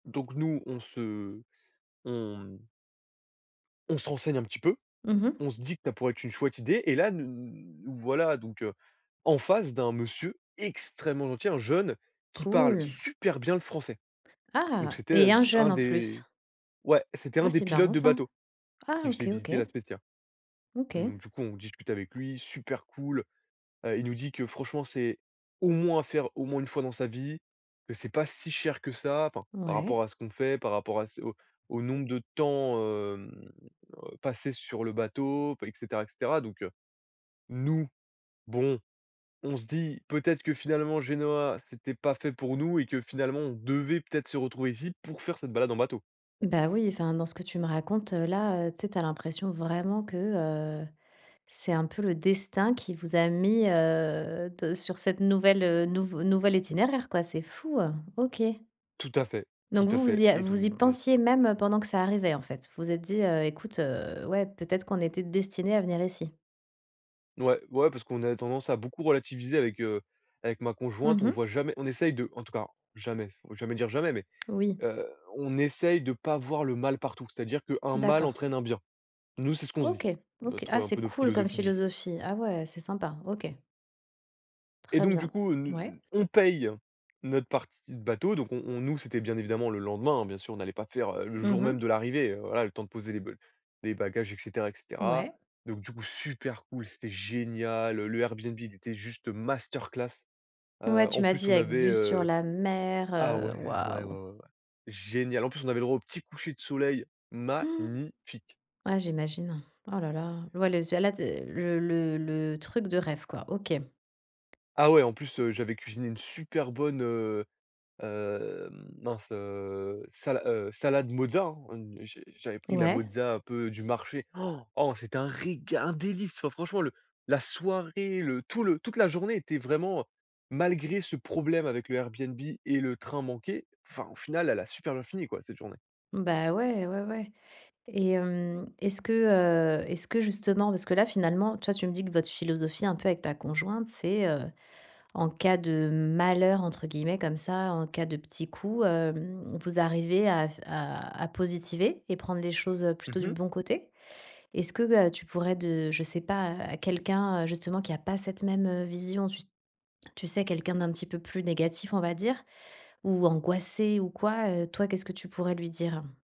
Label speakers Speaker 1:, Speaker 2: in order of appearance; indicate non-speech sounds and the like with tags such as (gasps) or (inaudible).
Speaker 1: Donc nous, on se on mmh on se renseigne un petit peu,
Speaker 2: Mmh mh.
Speaker 1: on se dit que ça pourrait être une chouette idée, et là, nous voilà donc heu, en face d'un monsieur extrêmement gentil, un jeune qui parle
Speaker 2: Cool.
Speaker 1: super bien le français, donc
Speaker 2: Ah,
Speaker 1: c'était, heu,
Speaker 2: et un
Speaker 1: s un
Speaker 2: jeune, en plus?
Speaker 1: des ouais, c'était
Speaker 2: Ah,
Speaker 1: un des
Speaker 2: c'est
Speaker 1: pilotes
Speaker 2: marrant,
Speaker 1: de
Speaker 2: ça.
Speaker 1: bateau
Speaker 2: Ah,
Speaker 1: qui
Speaker 2: OK,
Speaker 1: faisait
Speaker 2: OK.
Speaker 1: visiter La Spezia, donc
Speaker 2: OK.
Speaker 1: du coup on discute avec lui, super cool. Heu, il nous dit que franchement c'est au moins à faire au moins une fois dans sa vie, que c'est pas si cher que ça, enfin, par rapport
Speaker 2: Ouais.
Speaker 1: à ce qu'on fait, par rapport à ce au au nombre de temps, hem, heu, passé sur le bateau b et cetera et cetera, donc heu, nous, bon, on se dit peut-être que finalement, Genoa, c'était pas fait pour nous, et que finalement, on devait peut-être se retrouver ici pour faire cette balade en bateau.
Speaker 2: Bah oui, enfin, dans ce que tu me racontes là, heu, tu sais, tu as l'impression, vraiment, que, heu, c'est un peu le destin qui vous a mis, heu, te sur cette nouvelle, heu, nouveau nouvel itinéraire, quoi. C'est fou, heu, OK
Speaker 1: Tout à fait, tout
Speaker 2: donc
Speaker 1: à
Speaker 2: vous vous
Speaker 1: fait,
Speaker 2: y a
Speaker 1: et donc
Speaker 2: vous y
Speaker 1: mmh.
Speaker 2: pensiez, même pendant que ça arrivait, en fait. Vous vous êtes dit: «Heu, écoute, heu, ouais, peut-être qu'on était destiné à venir ici».
Speaker 1: Ouais ouais, parce qu'on a tendance à beaucoup relativiser avec, heu, avec ma conjointe,
Speaker 2: Mmh
Speaker 1: on
Speaker 2: mh.
Speaker 1: voit jamais on essaye de en tout cas, jamais, il faut jamais dire jamais, mais
Speaker 2: Oui.
Speaker 1: heu, on essaye de pas voir le mal partout. C'est-à-dire qu'un mal
Speaker 2: D'accord
Speaker 1: entraîne un bien. Nous, c'est ce qu'on se dit,
Speaker 2: OK OK,
Speaker 1: notre
Speaker 2: ah,
Speaker 1: un
Speaker 2: c'est
Speaker 1: peu notre
Speaker 2: cool comme
Speaker 1: philosophie de vie.
Speaker 2: philosophie. Ah ouais, c'est sympa, OK.
Speaker 1: Et
Speaker 2: Très
Speaker 1: donc du
Speaker 2: bien,
Speaker 1: coup, heu, n
Speaker 2: ouais.
Speaker 1: n on paye notre partie de bateau, donc on on nous, c'était bien évidemment le lendemain hein, bien sûr, on allait pas faire, heu, le
Speaker 2: Mmh
Speaker 1: jour même
Speaker 2: mh.
Speaker 1: de l'arrivée, heu, voilà, le temps de poser les ba les bagages et cetera et cetera,
Speaker 2: Ouais.
Speaker 1: donc du coup super cool, c'était génial, heu, le Airbnb il était juste masterclass.
Speaker 2: Ouais,
Speaker 1: Heu,
Speaker 2: tu
Speaker 1: en
Speaker 2: m'as
Speaker 1: plus
Speaker 2: dit,
Speaker 1: on
Speaker 2: avec
Speaker 1: avait
Speaker 2: vue sur
Speaker 1: heu
Speaker 2: la mer,
Speaker 1: ah
Speaker 2: heu,
Speaker 1: ouais, ouais ouais
Speaker 2: waouh.
Speaker 1: ouais ouais, génial en plus on avait droit au petit coucher de soleil
Speaker 2: (gasps)
Speaker 1: magnifique.
Speaker 2: Ouais, j'imagine. Oh là, là, ouais, le s là, tu es le le le truc de rêve, quoi. OK.
Speaker 1: Ah ouais, en plus, heu, j'avais cuisiné une super bonne, heu, hem, mince, heu, sala heu, salade mozzarella hein, une J'ai j'avais pris la
Speaker 2: Ouais.
Speaker 1: mozzarella un peu du marché. (gasps) Oh c'était un réga un délice. Fran franchement le la soirée, le tout le toute la journée était vraiment, heu malgré ce problème avec le Airbnb et le train manqué, enfin, au final, elle a super bien fini quoi cette journée.
Speaker 2: Bah ouais, ouais ouais, et hem, est-ce que, heu est-ce que justement parce que là, finalement, toi tu me dis que votre philosophie un peu avec ta conjointe, c'est, heu, «en cas de malheur» entre guillemets comme ça, en cas de petits coups, hem, vous arrivez à f à à positiver et prendre les choses, heu,
Speaker 1: Mmh
Speaker 2: plutôt du
Speaker 1: mh.
Speaker 2: bon côté. Est-ce que, heu, tu pourrais de je sais pas, à quelqu'un, heu, justement qui a pas cette même, heu, vision, tu tu sais, quelqu'un d'un petit peu plus négatif on va dire ou angoissé ou quoi, heu, toi, qu'est-ce que tu pourrais lui dire?